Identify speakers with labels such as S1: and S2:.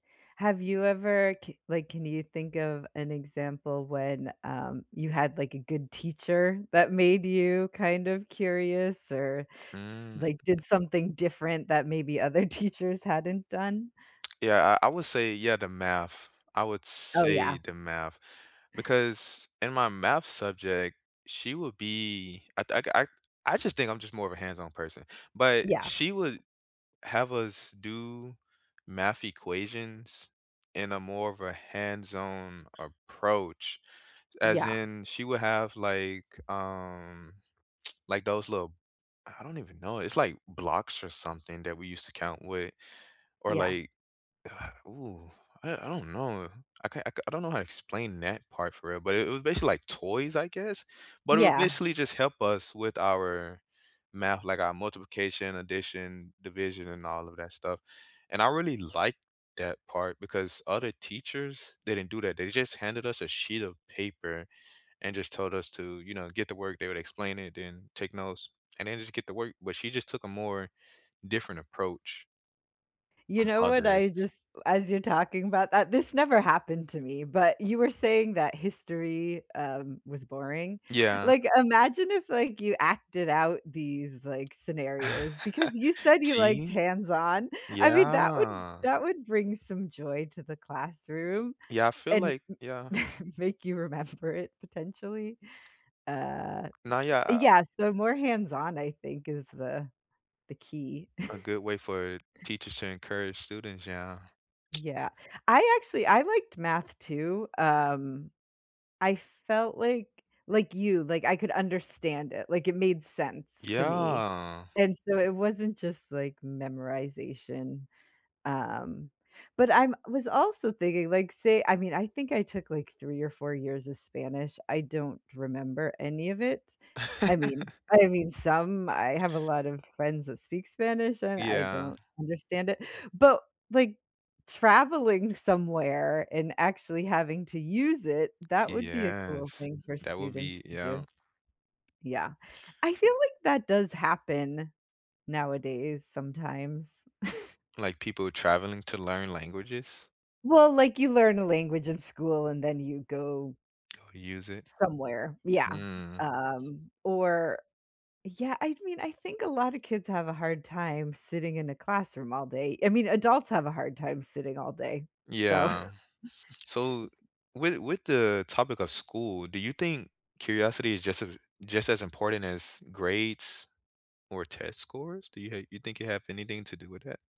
S1: Have you ever k like, can you think of an example when, um, you had, like, a good teacher that made you kind of curious or,
S2: Mm.
S1: like, did something different that maybe other teachers hadn't done?
S2: Yeah, I I would say yeah, the math, I would
S1: Oh, yeah.
S2: say the math, because in my math subject, she would be I th I I just think I'm just more of a hands-on person, but
S1: Yeah.
S2: she would have us do math equations in a more of a hands-on approach, as
S1: Yeah.
S2: in, she would have, like, um like, those little I don't even know, it's like blocks or something that we used to count wit or,
S1: Yeah.
S2: like, ooh, I I don't know, I can't I k don't know how to explain that part for real, but it was basically like toys, I guess? But it would
S1: Yeah.
S2: basically just help us with our math, like our multiplication, addition, division, and all of that stuff, and I really liked that part because other teachers, they didn't do that, they just handed us a sheet of paper and just told us to, you know, get the work, they would explain it, then take notes, and then just get the work, but she just took a more different approach
S1: You
S2: from
S1: know what?
S2: others.
S1: I just as you're talking about that this never happened to me, but you were saying that history, um, was boring,
S2: Yeah.
S1: like, imagine if, like, you acted out these, like, scenarios because you said you liked
S2: See?
S1: hands-on, I mean, that would
S2: Yeah.
S1: that would bring some joy to the classroom
S2: Yeah, I feel
S1: and
S2: like
S1: m
S2: yeah.
S1: make you remember it potentially, uh,
S2: No,
S1: s
S2: yeah
S1: yeah, so more hands-on, I think, is the the key.
S2: A good way for teachers to encourage students, yeah.
S1: Yeah, I actually I liked math too, um, I felt like like you, like, I could understand it, like, it made sense to me,
S2: Yeah.
S1: and so it wasn't just, like, memorization, um, but I'm was also thinking, like, say I mean, I think I took, like, 3 or 4 years of Spanish, I don't remember any of it. I mean I mean, some I have a lot of friends that speak Spanish, and I
S2: Yeah.
S1: don't understand it, but, like, traveling somewhere and actually having to use it, that would be a cool
S2: Yes,
S1: thing for
S2: that would
S1: students
S2: be
S1: to do.
S2: yeah.
S1: Yeah, I feel like that does happen nowadays, sometimes.
S2: Like, people traveling to learn languages.
S1: Well, like, you learn a language in school, and then you go
S2: Go use it.
S1: somewhere yeah,
S2: Mm.
S1: um, or yeah I mean, I think a lotta kids have a hard time sitting in a classroom all day, I mean adults have a hard time sitting all day, so
S2: Yeah, so,
S1: it's
S2: with with the topic of school, do you think curiosity is just a just as important as grades, or test scores? Do you ha do you think it have anything to do with that?